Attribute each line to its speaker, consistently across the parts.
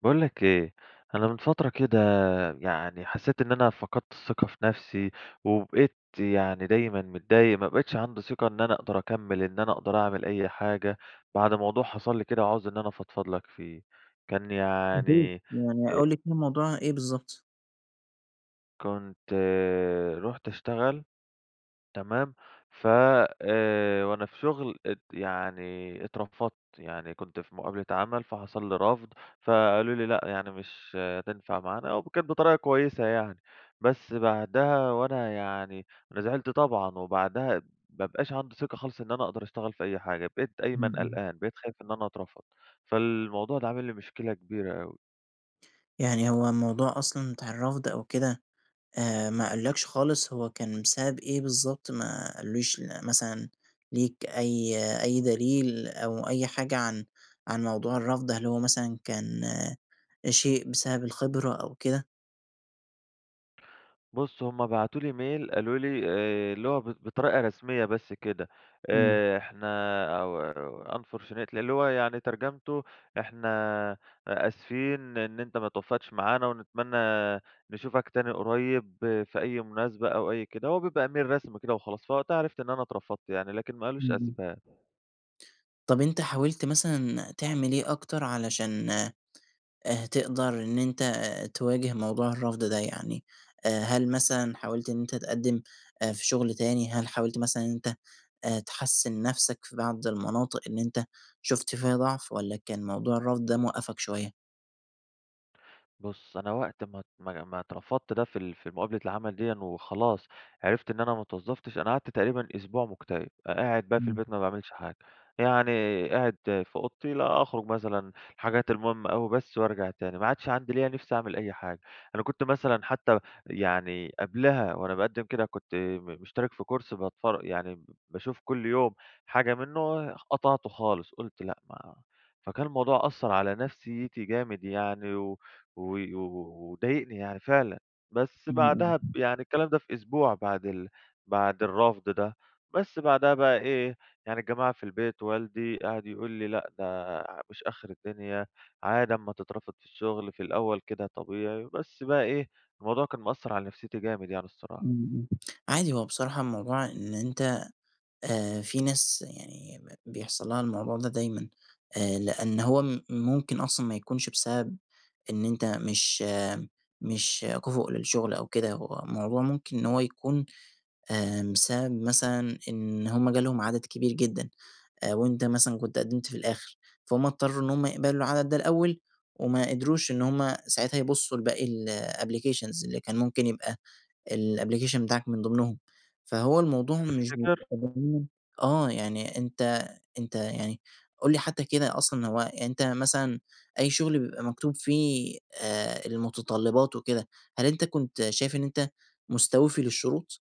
Speaker 1: باقول لك إيه، أنا من فترة كده يعني حسّيت إن أنا فقدت الثقة في نفسي، وبقيت يعني دايمًا متضايق، ما بقيتش عندي ثقة إن أنا أقدر أكمِّل، إن أنا أقدر أعمل أي حاجة، بعد موضوع حصل لي كده، وعاوز إن أنا أفضفض لك فيه. كان
Speaker 2: أكيد.
Speaker 1: يعني آآ
Speaker 2: يعني قُل لي كده الموضوع إيه بالضبط؟
Speaker 1: كنت رُحت أشتغل، تمام؟ ف آآ وأنا في شغل ات يعني اترفضت. يعني كنت في مقابلة عمل، فحصل لي رَفْض، فقالوا لي: "لأ يعني مش هتنفع معانا." و كانت بطريقة كويسة يعني. بس بعدها وأنا يعني أنا زعلت طبعًا، وبعدها ما بقاش عندي ثقة خالص إن أنا أقدر أشتغل في أي حاجة. بقيت
Speaker 2: إمم،
Speaker 1: دايمًا
Speaker 2: إمم.
Speaker 1: قلقان، بقيت خايف إن أنا أترفض. فالموضوع ده عامل لي مشكلة كبيرة أوي.
Speaker 2: يعني هو الموضوع أصلًا بتاع الرّفض أو كده، آآ ما قالوا لكش خالص هو كان بسبب إيه بالضبط؟ ما قالوش ل مثلًا ليك أي أي دليل، أو أي حاجة عن عن موضوع الرّفض، هل هو مثلًا كان شيء بسبب الخِبرة أو كده؟
Speaker 1: بُص هُم بعتوا لي mail قالوا لي آآ اللي هو ب بطريقة رسمية بس كده
Speaker 2: امم.
Speaker 1: آآ إحنا [unintelligible] unfortunately اللي هو يعني ترجمته "إحنا آسفين إن أنت ما توفقتش معانا، ونتمنى نشوفك تاني قريب في أي مناسبة." أو أي كده، هو بيبقى Email رسمي كده وخلاص. فوقتها عرفت إن أنا اترفضت يعني. لكن ما قالوش
Speaker 2: امم، امم.
Speaker 1: أسباب.
Speaker 2: طَب أنت حاولت مثلًا تعمل إيه أكتر علشان آآ، تقدر إن أنت تواجه موضوع الرفض ده يعني، هل مثلًا حاولت إن أنت تقدم في شُغل تاني؟ هل حاولت مثلًا إن أنت تحسن نفسك في بعض المناطق إن أنت شُفت فيها ضعف والّا كان موضوع الرفض ده موقفك شوية؟
Speaker 1: بُص أنا وقت ما ت ما ما اترفضت ده في ال في مقابلة العمل ديًا وخلاص عرفت إن أنا ما اتوظفتش أنا قعدت تقريبًا أسبوع مُكتئب، ق قاعد بقى في البيت
Speaker 2: امم.
Speaker 1: ما باعملش حاجة يعني قاعد في أوضتي لأ، أخرج مثلًا حاجات المهمة أوي بس وأرجع تاني ما عادش عندي ليّا نِفس أعمل أي حاجة، أنا كُنت مثلًا حتى يعني قبلها وأنا بأقدم كده كنت م مشترك في كورس بَتفر يعني ب باشوف كل يوم حاجة منه خ قطعته خالص قُلت لأ، ما فكان الموضوع أثر على نفسيتي جامد يعني و و وضايقني يعني فعلًا. بس
Speaker 2: امم،
Speaker 1: بعدها ب
Speaker 2: امم
Speaker 1: يعني الكلام ده في أسبوع بعد ال بعد الرفض ده. بس بعدها بقى إيه يعني الجماعة في البيت، والدي قعد يقول لي: "لأ، ده ع مش آخر الدنيا، عادي أمّا تترفض في الشُغل، في الأول كده طبيعي." بس بقى إيه الموضوع كان مأثر على نفسيتي جامد، يعني
Speaker 2: إمم،
Speaker 1: الصراحة.
Speaker 2: إمم عادي هو بصراحة الموضوع إن أنت آآ في ناس يعني ب بيحصل لها الموضوع ده دايمًا، آآ لأن هو م ممكن أصلًا ما يكونش بسبب إن أنت مش مش كُفء للشغل أو كده هو الموضوع ممكن إن هو يكون آآ بسبب مثلًا إن هُم جالهم عدد كبير جدًا، وأنت مثلًا كنت قدمت في الآخر، فهُم اضطروا إن هُم يقبلوا العدد ده الأول وما قدروش إن هُم ساعاتها يبصوا لباقي الapplications اللي كان ممكن يبقى الapplication بتاعك من ضمنهم. فهو الموضوع مش
Speaker 1: تفتكر؟
Speaker 2: متجاهلين آه يعني أنت أنت يعني قُل لي حتى كده أصلًا هو أنت مثلًا أي شغل بيبقى مكتوب فيه آآ المتطلبات وكده هل أنت كنت شايف إن أنت مستوفي للشروط؟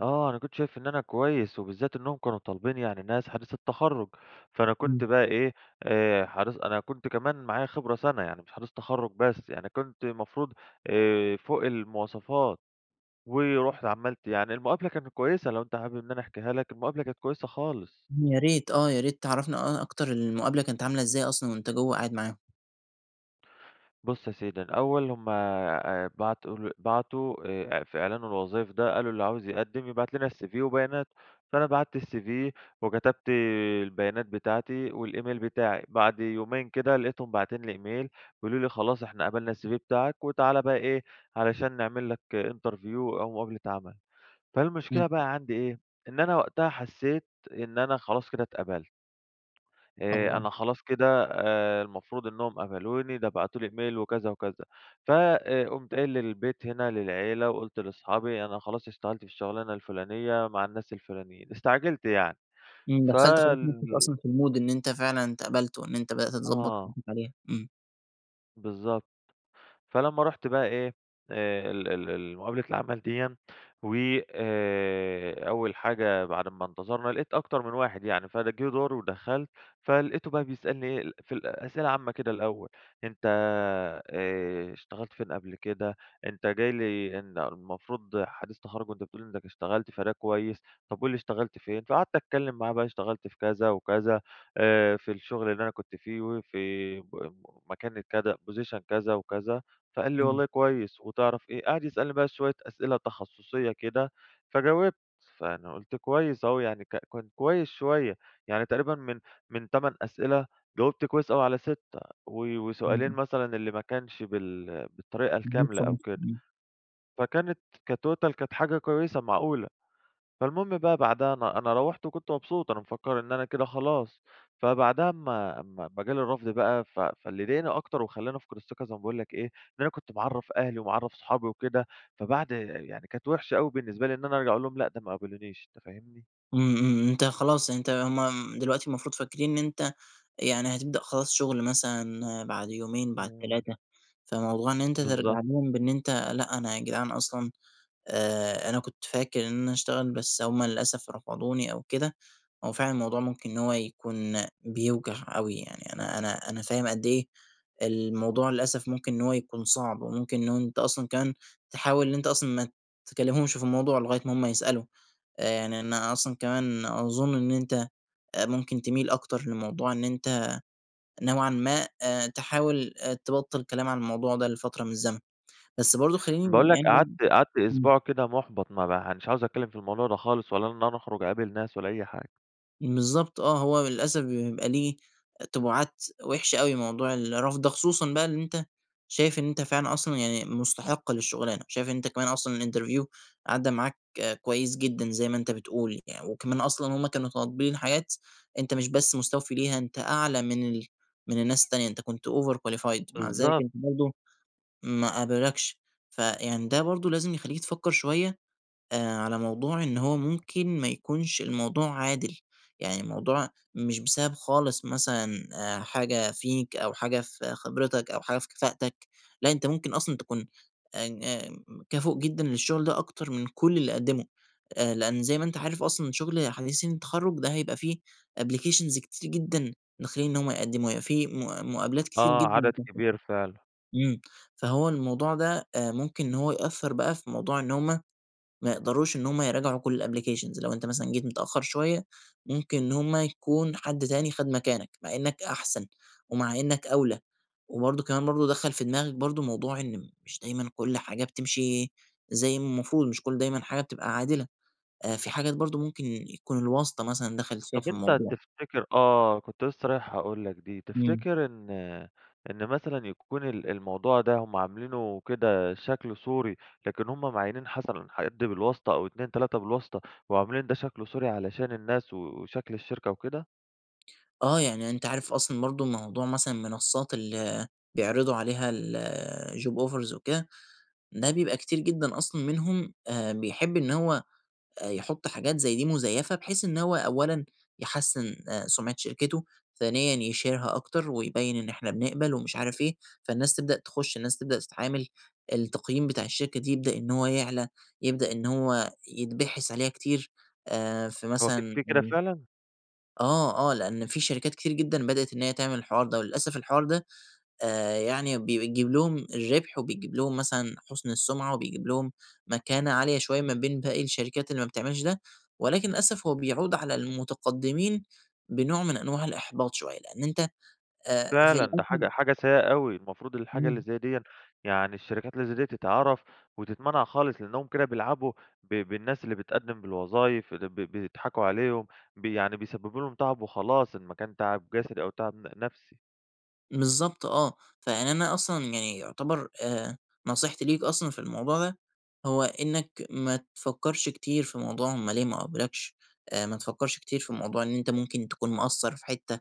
Speaker 1: آه، أنا كنت شايف إن أنا كويس، وبالذات إنّهم كانوا طالبين يعني ناس حديثي التَخرُّج. فأنا كنت
Speaker 2: إمم.
Speaker 1: بقى إيه، آآ حديث أنا كنت كمان معايا خِبرة سنة. يعني مش حديث تَخرُّج بس، يعني كنت المفروض آآ فوق المواصفات. ورُحت عملت يعني المقابلة كانت كويسة، لو أنت حابب إن أنا أحكيها لك، المقابلة كانت كويسة خالص.
Speaker 2: إمم، يا ريت آه، يا ريت تعرّفنا أ أكتر المقابلة كانت عاملة إزاي أصلًا وأنت جوّه قاعد معاهم؟
Speaker 1: بُص يا سيدي، الأول هم آآ بعتوا ال بعتوا آآ إع في إعلان الوظايف ده، قالوا: "اللي عاوز يقدّم، يبعت لنا الCV وبياناته." فأنا بَعتّ الCV، وكتبت البيانات بتاعتي، والإيميل بتاعي. بعد يومين كده، لقيتهم باعتين لي إيميل، بيقولوا لي خلاص إحنا قبلنا الCV بتاعك، وتعالَ بقى إيه، علشان نعمل لك interview، أو مقابلة عمل.
Speaker 2: إمم.
Speaker 1: فالمشكلة بقى عندي إيه، إن أنا وقتها حسّيت إن أنا خلاص كده اتقبلت. آآ
Speaker 2: آه.
Speaker 1: أنا خلاص كده آآ المفروض إنّهم قبلوني، ده بعتوا لي إيميل، وكذا، وكذا. ف آآ قُمت قايل للبيت هنا للعيلة، وقُلت لأصحابي: "أنا خلاص اشتغلت في الشغلانة الفُلانية، مع الناس الفُلانيين." استعجلت يعني.
Speaker 2: إمم، دخّلت خلاص
Speaker 1: فال
Speaker 2: نفسك أصلًا في المود إن أنت فعلًا اتقبلت، وإن أنت بدأت تضبّط
Speaker 1: آه.
Speaker 2: نَفسك عليها. إمم.
Speaker 1: بالضبط، فلما ُرحت بقى إيه، ال ال ال مقابلة العمل ديَّا، و آآ أول حاجة بعد اما انتظرنا، لقيت أكتر من واحد يعني فجه دُوري ودخلت، فلقيته بقى بيسألني إيه ال في أسئلة عامّة كده الأول: "أنت آآ اشتغلت فين قبل كده؟ أنت جاي لي إن المفروض حديث تخرج وأنت بتقول لي إنك اشتغلت فده كويس، طب قل لي اشتغلت فين؟" فقعدت اتكلم معاه بقى اشتغلت في كذا وكذا، آآ في الشغل اللي أنا كنت فيه وفي م مكاني كذا position كذا وكذا، فقال لي
Speaker 2: إمم.
Speaker 1: "والله كويس وتعرف إيه؟" قعد يسألني بقى شوية أسئلة تخصصية كده، فجاوبت فأنا قلت كويس أهو يعني ك كان كويس شوية، يعني تقريبًا من من 8 أسئلة، جاوبت كويس أوي على 6 و وسؤالين
Speaker 2: إمم.
Speaker 1: مثلًا اللي ما كانش بال بالطريقة
Speaker 2: إن أنت
Speaker 1: الكاملة أو
Speaker 2: [unintelligible]
Speaker 1: كده،
Speaker 2: إمم.
Speaker 1: فكانت كtotal كانت حاجة كويسة معقولة، فالمهم بقى بعدها أنا أنا رّوحت وكنت مبسوط، أنا مفكر إن أنا كده خلاص، فبعدها اما اما اما جالي الرفض بقى، ف فاللي ضايقني أكتر وخلاني افقد الثقة زي ما باقول لك إيه؟ إن أنا كنت معرَّف أهلي ومعرَّف صحابي وكده، فبعد يعني كانت وحشة أوي بالنسبة لي إن أنا أرجع أقول لهم لأ ده ما قبلونيش، أنت فاهمني؟
Speaker 2: إمم، إمم، إمم أنت خلاص أنت هُم م دلوقتي المفروض فاكرين إن أنت يعني هتبدأ خلاص شُغل مثلًا بعد يومين بعد
Speaker 1: امم.
Speaker 2: 3 فموضوع إن أنت ترجع
Speaker 1: بالضبط.
Speaker 2: لهم بإن أنت لأ، أنا يا جدعان أصلًا آآ أنا كنت فاكر إن أنا هاشتغل، بس هُم للأسف رفضوني أو كده، هو فعلًا الموضوع ممكن إن هو يكون بيوجع أوي يعني، أنا أنا أنا فاهم قد إيه الموضوع للأسف ممكن إن هو يكون صعب، وممكن إنه أنت أصلًا كمان تحاول إن أنت أصلًا ما تكلمهمش في الموضوع لغاية ما هُم يسألوا، آآ يعني أنا أصلًا كمان أظن إن أنت آآ ممكن تميل أكتر لموضوع إن أنت نوعًا ما آآ تحاول آآ تبطل كلام عن الموضوع ده لفترة من الزمن. بس برضو خلّيني
Speaker 1: باقول لك قعدت
Speaker 2: [unintelligible]
Speaker 1: قعدت
Speaker 2: إمم.
Speaker 1: أسبوع كده مُحبط ما ب مش عاوز أتكلم في الموضوع ده خالص، ولا إن أنا أخرج أقابل ناس ولا أي حاجة.
Speaker 2: بالضبط آه، هو للأسف بيبقى ليه تبُعات وحشة أوي موضوع الرفض ده، خصوصًا بقى إن أنت شايف إن أنت فعلًا أصلًا يعني مُستحق للشغلانة، شايف إن أنت كمان أصلًا الInterview عدى معاك كويس جدًا زي ما أنت بتقول، يعني وكمان أصلًا هُم كانوا طالبين حاجات أنت مش بس مستوفي ليها، أنت أعلى من ال من الناس التانية، أنت كنت Overqualified مع ذلك
Speaker 1: بالضبط.
Speaker 2: أنت برضو ما قبلكش، فيعني ده برضو لازم يخلّيك تفكر شوية، آآ على موضوع إن هو ممكن ما يكونش الموضوع عادل، يعني الموضوع مش بسبب خالص مثلًا آآ حاجة فيك أو حاجة في خبرتك أو حاجة في كفاءتك، لأ، أنت ممكن أصلًا تكون [unintelligible] كفء جدًا للشغل ده أكتر من كل اللي قدموا، آآ لأن زي ما أنت عارف أصلًا شغل حديثين التخرج ده هيبقى فيه Applications كتير جدًا داخلين إن هُم يقدموا، هيبقى فيه مـُ مُقابلات كتير
Speaker 1: آه،
Speaker 2: جدًا.
Speaker 1: عدد كبير فعلًا.
Speaker 2: [unintelligible] إمم، فهو الموضوع ده آآ ممكن إن هو يأثر بقى في موضوع إن هُم ما يقدروش إن هُم يراجعوا كل الApplications لو أنت مثلًا جيت متأخر شوية، ممكن إن هُم يكون حد تاني خَد مكانك، مع إنك أحسن، ومع إنك أَولى، وبرضو كمان برضو دخّل في دماغك برضو موضوع إن مش دايمًا كل حاجة بتمشي زي ما المفروض، مش كل دايمًا حاجة بتبقى عادلة، آآ فيه حاجات برضو ممكن يكون الواسطة مثلًا دخلت فيها
Speaker 1: طب
Speaker 2: في
Speaker 1: أنت
Speaker 2: الموضوع.
Speaker 1: تفتكر آه، كنت لسه رايح أقول لك دي،
Speaker 2: إمم.
Speaker 1: تفتكر إن إن مثلًا يكون ال الموضوع ده هُم عاملينه كده شكل صوري، لكن هُم معيّنين مثلًا حد بالواسطة أو 2 3 بالواسطة، وعاملين ده شكل صوري علشان الناس و وشكل الشركة وكده؟
Speaker 2: آه يعني، أنت عارف أصلًا برضه موضوع مثلًا المنصات اللي بيعرضوا عليها الjob offers وكده، ده بيبقى كتير جدًا أصلًا منهم آآ بيحب إن هو آآ يحط حاجات زي دي مزيفة، بحيث إن هو أوّلًا يحسّن آآ سمعة شركته، ثانيًا يشهرها أكتر ويبيّن إن إحنا بنقبل ومش عارف إيه. فالناس تبدأ تخش، الناس تبدأ تتعامل، التقييم بتاع الشركة دي يبدأ إن هو يعلى، يبدأ إن هو يتبحث عليها كتير، آآ في
Speaker 1: هو ف
Speaker 2: مثلًا
Speaker 1: في كدة فعلًا؟
Speaker 2: آه، آه، لأن في شركات كتير جدًا بدأت إن هي تعمل الحوار ده، وللأسف الحوار ده آآ يعني بيجيب لهم الربح، وبيجيب لهم مثلًا حُسن السمعة، وبيجيب لهم مكانة عالية شويّة ما بين باقي الشركات اللي ما بتعملش ده. ولكن للأسف هو بيعود على المتقدمين بنوع من أنواع الإحباط شويّة، لأن أنت آآ في
Speaker 1: فعلًا، ده حاجة
Speaker 2: الاخر
Speaker 1: حاجة سيئة أوي. المفروض الحاجة اللي
Speaker 2: إمم.
Speaker 1: زي ديًا يعني الشركات اللي زي دي، تتعرف وتتمنع خالص، لأنهم كده بيلعبوا ب بالناس اللي بتقدم بالوظايف، ب ب بيضحكوا عليهم، ب يعني بيسببوا لهم تعب وخلاص، إن ما كان تعب جسدي أو تعب ن نفسي.
Speaker 2: بالضبط آه، فيعني أنا أصلًا يعني يُعتبَر آآ نصيحتي ليك أصلًا في الموضوع ده، هو إنك ما تفكرش كتير في موضوع هم ليه ما قبلوكش، آآ ما تفكرش كتير في موضوع إن أنت ممكن تكون مقصر في حتّة،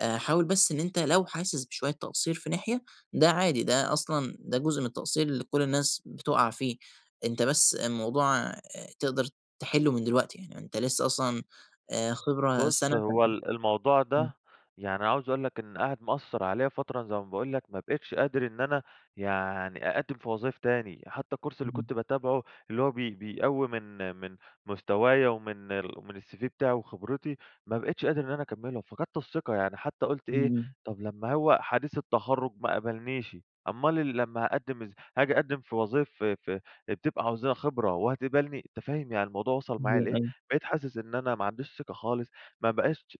Speaker 2: حاول بس إن أنت لو حاسس بشوية تقصير في ناحية، ده عادي، ده أصلًا ده جزء من التقصير اللي كل الناس بتقع فيه، أنت بس الموضوع آآ تقدر تحلّه من دلوقتي، يعني أنت لسه أصلًا آآ خبرة
Speaker 1: بص
Speaker 2: سنة ف
Speaker 1: هو ال الموضوع
Speaker 2: إمم.
Speaker 1: ده، يعني عاوز أقول لك إن قعد مأثر عليّا فترة زي ما باقول لك، ما بقيتش قادر إن أنا يعني أقدم في وظايف تاني، حتى الكورس اللي
Speaker 2: اهم.
Speaker 1: كنت باتابعه، اللي هو بي بيقوّي من من مستوايا ومن ومن الCV بتاعي وخبرتي، ما بقيتش قادر إن انا أكمّله، فقدت الثقة يعني، حتى قُلت إيه،
Speaker 2: إمم.
Speaker 1: طب لما هو حديث التخرج ما قبلنيش، أمال ال لما هاقدم از هاجي أقدّم في وظايف ف ف بتبقى عاوزة لها خبرة وهتقبلني؟ أنت فاهم، يعني الموضوع وصل معايا
Speaker 2: أيوه،
Speaker 1: لإيه،
Speaker 2: أيوه.
Speaker 1: بقيت حاسس إن انا ما عنديش ثقة خالص، ما بقاش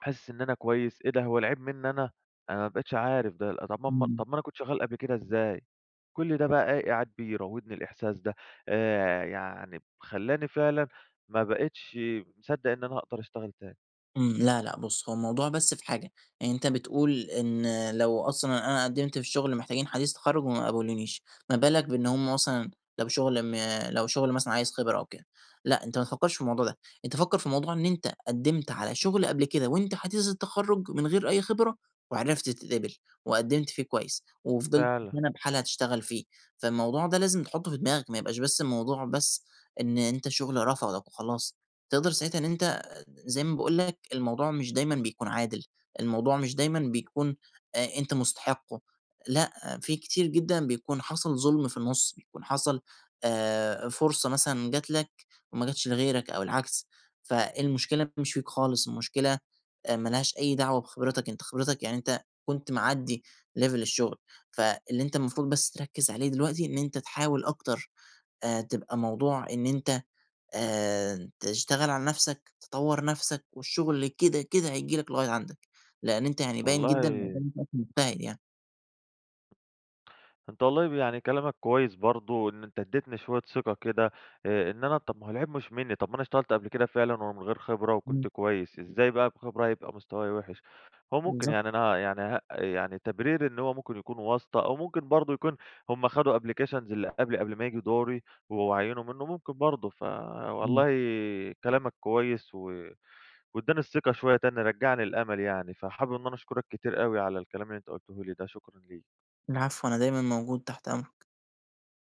Speaker 1: حاسس إن أنا كويس، إيه ده هو العيب مني أنا! أنا ما بقيتش عارف ده طب ما ما
Speaker 2: إمم.
Speaker 1: طب ما أنا كنت شغال قبل كده، إزاي؟ كل ده بقى إيه قاعد بيراودني الإحساس ده، آآ يعني خلّاني فعلًا ما بقيتش مصدق إن أنا هاقدر أشتغل تاني.
Speaker 2: إمم، لا لا، بُصّ، هو الموضوع بس في حاجة، يعني أنت بتقول إن لو أصلًا أنا قدّمت في شغل محتاجين حديث التخرج وما قبلونيش، ما بالك بإن هُم مثلًا لو شغل م لو شغل مثلًا عايز خبرة أو كده، لأ، أنت ما تفكرش في الموضوع ده، أنت فكر في الموضوع إن أنت قدّمت على شغل قبل كده وأنت حديث التخرج من غير أي خبرة وعرفت تتقبل، وقدّمت فيه كويس وفضلت
Speaker 1: فعلًا.
Speaker 2: سَنَة بحالها تشتغل فيه، فالموضوع ده لازم تحطه في دماغك، ما يبقاش بس الموضوع بس إن أنت شغل رفضك وخلاص. تقدر ساعتها إن أنت زي ما باقول لك الموضوع مش دايمًا بيكون عادل، الموضوع مش دايمًا بيكون أ أنت مستحقه، لأ، في كتير جدًا بيكون حصل ظلم في النص، بيكون حصل آآ، فرصة مثلًا جات لك وما جاتش لغيرك أو العكس، فالمشكلة مش فيك خالص، المشكلة آآ، مالهاش أي دعوة بخبرتك، أنت خبرتك يعني أنت كنت معدّي level الشغل، فاللي أنت المفروض بس تركز عليه دلوقتي إن أنت تحاول أكتر، آآ، تبقى موضوع إن أنت آآ، تشتغل على نفسك، تطور نفسك، والشغل كده كده هييجي لك لغاية عندك؛ لأن أنت يعني باين جدًا إن
Speaker 1: والله
Speaker 2: قدّامي شخص مجتهد يعني.
Speaker 1: أنت والله يعني كلامك كويس برضو إن أنت اديتني شوية ثقة كده، آآ، إن أنا طب ما هو العيب مش منّي، طب ما أنا اشتغلت قبل كده فعلًا ومن غير خبرة
Speaker 2: إمم.
Speaker 1: وكنت كويس، إزاي بقى بخبرة هيبقى مستوايا وحش؟ هو ممكن
Speaker 2: بالضبط.
Speaker 1: يعني أنا يعني ه يعني تبريري إن هو ممكن يكون واسطة أو ممكن برضو يكون هُم خدوا applications اللي قبلي قبل ما ييجي دوري و وعينوا منه، ممكن برضو
Speaker 2: إمم.
Speaker 1: فوالله كلامك كويس و واداني الثقة شوية تاني، رجّع لي الأمل يعني، فحابب إن أنا أشكرك كتير أوي على الكلام اللي أنت قلته لي ده، شكرًا ليك.
Speaker 2: العفو، أنا دايمًا موجود تحت أمرك.